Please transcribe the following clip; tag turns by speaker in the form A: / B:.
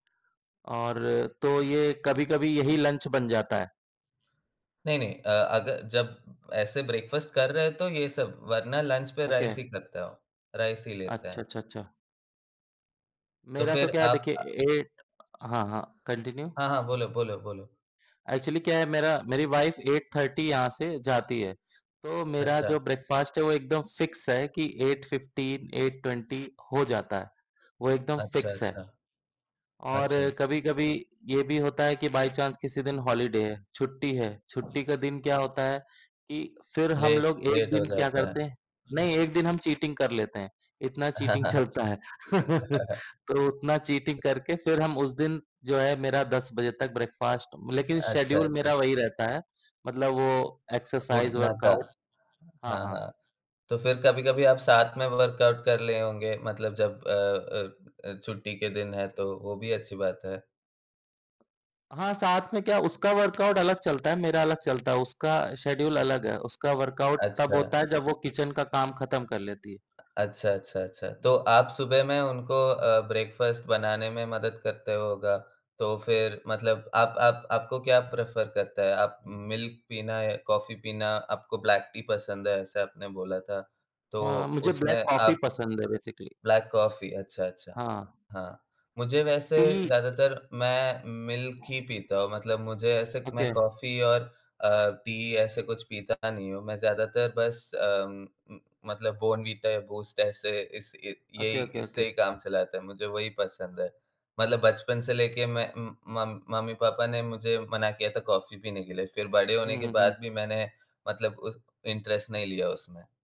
A: और तो ये कभी-कभी यही लंच बन जाता है।
B: नहीं, नहीं अ, अग जब ऐसे ब्रेकफ़ास्ट कर रहे हैं तो ये सब, वरना लंच पे
A: ओके।
B: राइस ही करता हूँ। राइस ही लेते हैं।
A: अच्छा, अच्छा, अछा।
B: तो
A: मेरा तो
B: फिर
A: क्या है
B: आप
A: देखिए,
B: अ
A: 8 अ हाँ, हाँ कंटिन्यू।
B: हाँ, हाँ। बोलो, बोलो, बोलो।
A: एक्चुअली क्या है मेरा मेरी वाइफ़ 8:30 यहाँ से जाती है, तो मेरा
B: अच्छा।
A: जो ब्रेकफ़ास्ट है वो एकदम फ़िक्स है कि 8:15-8:20 हो जाता है। वो एकदम
B: अच्छा,
A: फ़िक्स है,
B: अच्छा।
A: और
B: अच्छा।
A: कभी-कभी ये भी होता है कि बाय चांस किसी दिन हॉलिडे है, छुट्टी है, छुट्टी के दिन क्या होता है कि फिर
B: ले
A: हम लोग 1
B: लेट हो
A: दिन क्या
B: जाता
A: करते हैं नहीं, 1
B: है।
A: दिन हम चीटिंग कर लेते हैं, इतना चीटिंग चलता है। तो उतना चीटिंग करके फिर हम उस दिन जो है मेरा 10 बजे तक ब्रेकफ़ास्ट लेकिन
B: अच्छा,
A: शेड्यूल
B: अच्छा।
A: मेरा वही रहता है मतलब वो एक्सर्साइज़
B: उठना था।
A: वर्काउट हाँ,
B: हाँ,
A: हाँ।
B: हाँ। तो फिर कभी-कभी आप साथ में वर्कआउट कर लिए होंगे? मतलब जब अ अ अ, छुट्टी के दिन है तो, वो भी अच्छी बात है।
A: हाँ, साथ में क्या उसका वर्कआउट अलग चलता है, मेरा अलग चलता है। उसका शेड्यूल अलग है, उसका वर्कआउट तब
B: अच्छा।
A: होता है जब वो किचन का काम खत्म कर लेती
B: अच्छा, अच्छा, अच्छा। तो
A: है।
B: आप सुबह में उनको अ, ब्रेकफ़ास्ट बनाने में मदद करते होगा, तो फिर मतलब आप आप आपको क्या प्रेफर करता है? आप उम, मिल्क पीना या कॉफ़ी पीना? आपको ब्लैक-टी पसंद है ऐसा आपने बोला था, तो
A: अ, मुझे ब्लैक
B: उसमें
A: कॉफ़ी
B: आप
A: पसंद है बेसिक्ली।
B: ब्लैक कॉफ़ी अच्छा, अच्छा।
A: हाँ।
B: हाँ, मुझे वैसे
A: टी
B: ज़्यादातर मैं मिल्क ही पीता हूँ मतलब मुझे ऐसे
A: ओके।
B: मैं कॉफ़ी और अ, टी ऐसे कुछ पीता नहीं हूँ। मैं ज़्यादातर बस अ, उम उम, मतलब बॉर्नविटा या बूस्ट ऐसे इस ए
A: ओके,
B: यही
A: ओके,
B: इससे ही
A: ओके।
B: काम चलाते है। मुझे वही पसंद है, मतलब बचपन से लेके मैं उम, मम मम्मी-पापा ने मुझे मना किया था कॉफ़ी पीने के लिए। फिर बड़े होने
A: हुँ,
B: के
A: हुँ, हुँ।
B: बाद भी मैंने मतलब उस इंटेरस्ट नहीं लिया उसमें।